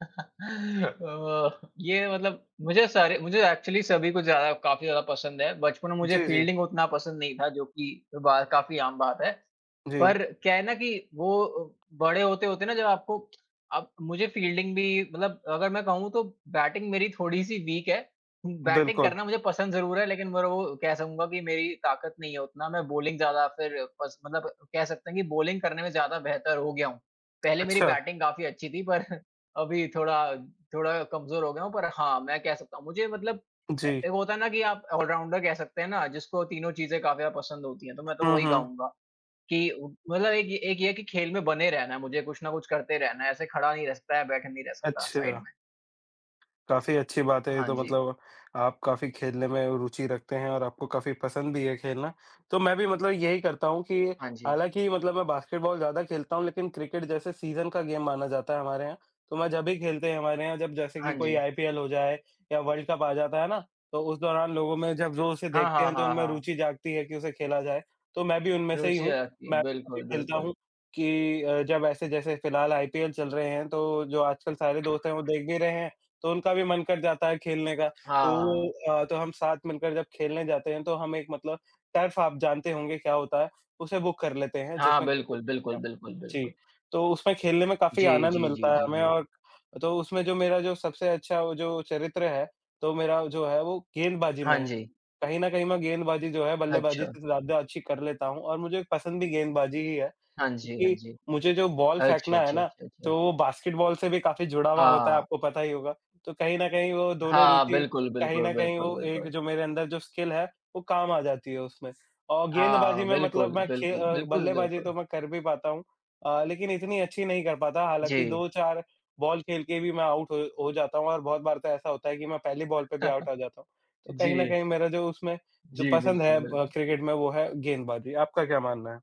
ये मतलब मुझे सारे मुझे एक्चुअली सभी को ज़्यादा काफ़ी ज़्यादा पसंद है। बचपन में मुझे जी, जी। फ़ील्डिंग उतना पसंद नहीं था जो कि कई बार काफ़ी आम बात है। जी। पर क्या है ना कि वो बड़े होते-होते ना जब आपको अब मुझे फ़ील्डिंग भी मतलब अगर मैं कहूँ तो बैटिंग मेरी थोड़ी-सी वीक है, बैटिंग बिल्कुल। करना मुझे पसंद ज़रूर है लेकिन ब्रो कह सकूँगा कि मेरी ताकत नहीं है उतना, मैं बॉलिंग ज़्यादा फिर पस मतलब कह सकते हैं कि बॉलिंग करने में ज़्यादा बेहतर हो गया हूँ। पहले मेरी अच्छा। बैटिंग काफ़ी अच्छी थी पर अभी थोड़ा थोड़ा कमज़ोर हो गया हूँ। पर हाँ, मैं कह सकता हूँ मुझे मतलब ए जी। एक होता है ना कि आप ऑलराउंडर कह सकते हैं ना, जिसको तीनों चीज़ें काफ़ी ज़्यादा पसंद होती हैं, तो मैं तो हुँ, वही हुँ। कहूँगा कि मतलब एक एक ये है कि खेल में बने रहना है मुझे, कुछ न कुछ करते रहना है। ऐसे खड़ा नहीं रह सकता है या बैठा नहीं रह सकता साइड अच्छा। में। काफ़ी अच्छी बात है ये हाँ तो, जी। मतलब आप काफ़ी खेलने में रुचि रखते हैं और आपको काफ़ी पसंद भी है खेलना। तो मैं भी मतलब यही करता हूँ कि हाँ जी। हालाँकि मतलब मैं बास्केटबॉल ज़्यादा खेलता हूँ लेकिन क्रिकेट जैसे सीजन का गेम माना जाता है हमारे यहाँ। तो मैं जब ही खेलते हैं हमारे यहाँ जब जैसे हाँ कि कोई जी। आईपीएल हो जाए या वर्ल्ड कप आ जाता है ना, तो उस दौरान लोगों में जब जो उसे हाँ, देखते हाँ, हैं तो हाँ, उनमें हाँ। रुचि जागती है कि उसे खेला जाए, तो मैं भी उनमें से ही रूचि हूँ। आ जाती है। मैं भी तभी बिल्कुल, खेलता बिल्कुल। हूँ कि अ, जब ऐसे जैसे फ़िलहाल आईपीएल चल रहे हैं तो जो आजकल सारे दोस्त हैं वो देख भी रहे हैं, तो उनका भी मन कर जाता है खेलने का। हाँ, तो हाँ। अ, तो हम साथ मिलकर जब खेलने जाते हैं तो हम एक मतलब टर्फ आप जानते होंगे क्या होता है, उसे बुक कर लेते हैं हाँ। जिसमें क्रिकेट बिल्कुल, खेलते बिल्कुल, हैं। बिल्कुल, जी, बिल्कुल। तो उसमें खेलने में काफ़ी जी, आनंद जी, जी, मिलता है जी, हमें जी। और तो उसमें जो मेरा जो सबसे अच्छा जो चरित्र है तो मेरा जो है वो गेंदबाजी में हाँ है। जी। कहीं न कहीं मैं गेंदबाजी जो है बल्लेबाजी अच्छा। से ज़्यादा अच्छी कर लेता हूँ और मुझे पसंद भी गेंदबाजी ही है। हाँ जी, हाँ क्योंकि जी। मुझे जो बॉल अच्छा, फेंकना है अच्छा, ना, अच्छा, तो अच्छा। वो बास्केटबॉल से भी काफ़ी जुड़ा हुआ होता है, हाँ। आपको पता ही होगा। तो कहीं न कहीं वो दोनों हाँ। रुचि बिल्कुल, कहीं बिल्कुल, न कहीं बिल्कुल, वो एक बिल्कुल। जो मेरे अंदर जो स्किल है वो काम आ जाती है उसमें। और गेंदबाजी हाँ। में मतलब बिल्कुल, मैं खे बिल्कुल, अ, बिल्कुल, बल्लेबाजी तो बिल्कुल। मैं कर भी पाता हूँ अ, लेकिन इतनी अच्छी नहीं कर पाता, हालाँकि जी। 2-4 बॉल खेल के भी मैं आउट हो हो जाता हूँ और बहुत बार तो ऐसा होता है कि मैं पहली बॉल पे भी आउट आ जाता हूँ। तो कहीं न जी। कहीं मेरा जो उसमें जो जी। पसंद बिल्कुल, है ब बिल्क क्रिकेट में वो है गेंदबाजी। आपका क्या मानना है?